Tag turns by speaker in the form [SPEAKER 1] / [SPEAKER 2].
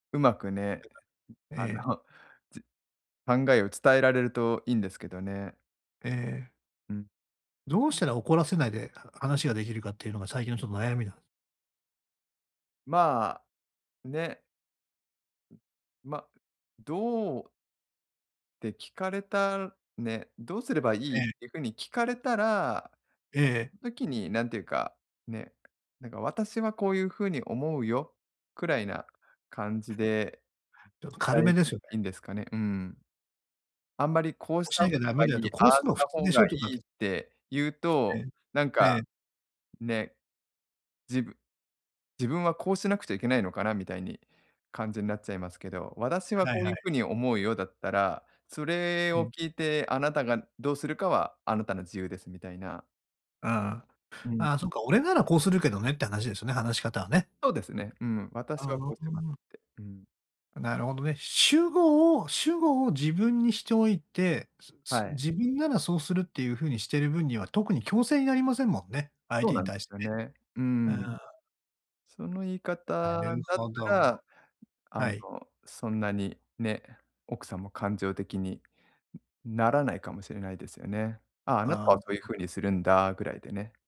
[SPEAKER 1] うまくね、え、ん、
[SPEAKER 2] え
[SPEAKER 1] あ
[SPEAKER 2] え。
[SPEAKER 1] の、じ考えを伝えられると、いいんですけどね。
[SPEAKER 2] ええ。
[SPEAKER 1] うん。
[SPEAKER 2] どうしたら怒らせないで、は話ができるかっていうのが、最近のちょっと、悩みなんす。
[SPEAKER 1] まあ、ね。ま、どうって聞かれたね、どうすればいい
[SPEAKER 2] え
[SPEAKER 1] っ
[SPEAKER 2] え。
[SPEAKER 1] ていう風に聞かれたら。
[SPEAKER 2] ええ。
[SPEAKER 1] ん時に、なんていうか、ね。「なんか私は、こういう風に思うよ」くらいな感じで、
[SPEAKER 2] ちょっと
[SPEAKER 1] 伝
[SPEAKER 2] 軽
[SPEAKER 1] え
[SPEAKER 2] め
[SPEAKER 1] る
[SPEAKER 2] で
[SPEAKER 1] の
[SPEAKER 2] すよ
[SPEAKER 1] が
[SPEAKER 2] ね。
[SPEAKER 1] いいんですかね。うん。あんまり、こう
[SPEAKER 2] こ
[SPEAKER 1] し
[SPEAKER 2] うし
[SPEAKER 1] た
[SPEAKER 2] な
[SPEAKER 1] 方
[SPEAKER 2] きゃダ
[SPEAKER 1] が
[SPEAKER 2] メ
[SPEAKER 1] い
[SPEAKER 2] だよ
[SPEAKER 1] い、
[SPEAKER 2] と、こ
[SPEAKER 1] あ
[SPEAKER 2] う
[SPEAKER 1] あ
[SPEAKER 2] す
[SPEAKER 1] し
[SPEAKER 2] るのは普
[SPEAKER 1] た
[SPEAKER 2] 通
[SPEAKER 1] 方
[SPEAKER 2] でし
[SPEAKER 1] が
[SPEAKER 2] ょ
[SPEAKER 1] い
[SPEAKER 2] とかっ
[SPEAKER 1] いっ
[SPEAKER 2] て。
[SPEAKER 1] て言う
[SPEAKER 2] え
[SPEAKER 1] と、
[SPEAKER 2] え。
[SPEAKER 1] なん
[SPEAKER 2] え
[SPEAKER 1] か、
[SPEAKER 2] え。
[SPEAKER 1] ね。じぶ「自分は、こうしなくちゃいけないのかな」みたいに感じになっちゃいますけど。「私は
[SPEAKER 2] はい
[SPEAKER 1] こう
[SPEAKER 2] は
[SPEAKER 1] いう風
[SPEAKER 2] い。
[SPEAKER 1] に思うよ」だったら「それ
[SPEAKER 2] う
[SPEAKER 1] を
[SPEAKER 2] ん。
[SPEAKER 1] 聞いて、あなたがどうするかは、あなたの自由です」みたいな。
[SPEAKER 2] ああ。
[SPEAKER 1] うん。
[SPEAKER 2] ああそっか、俺ならこうするけどねって話ですよね。話し方はね。
[SPEAKER 1] そうですね。うん、
[SPEAKER 2] あ
[SPEAKER 1] 私はこ
[SPEAKER 2] ああ
[SPEAKER 1] うしますっ
[SPEAKER 2] あ。
[SPEAKER 1] て。うん。
[SPEAKER 2] なるほどね。主語を主語を自分にしておいて、す
[SPEAKER 1] は
[SPEAKER 2] す
[SPEAKER 1] い。
[SPEAKER 2] 自分ならそうするっていう風にしている分には、特に強制になりませんもんね。相
[SPEAKER 1] そ
[SPEAKER 2] 手
[SPEAKER 1] う
[SPEAKER 2] に
[SPEAKER 1] なんで
[SPEAKER 2] 対して
[SPEAKER 1] すよ
[SPEAKER 2] ね。
[SPEAKER 1] ね。う
[SPEAKER 2] あ
[SPEAKER 1] ん。
[SPEAKER 2] あ。
[SPEAKER 1] その言い
[SPEAKER 2] な
[SPEAKER 1] 方だ
[SPEAKER 2] る
[SPEAKER 1] っ
[SPEAKER 2] ほ
[SPEAKER 1] た
[SPEAKER 2] ど。
[SPEAKER 1] らあ
[SPEAKER 2] は
[SPEAKER 1] の、
[SPEAKER 2] い。
[SPEAKER 1] そんなにね、奥さんも、感情的にならないかもしれないですよね。「ああ、あな
[SPEAKER 2] ああ
[SPEAKER 1] た
[SPEAKER 2] あ
[SPEAKER 1] はそういう
[SPEAKER 2] あ。
[SPEAKER 1] 風にするんだ」ぐらいでね。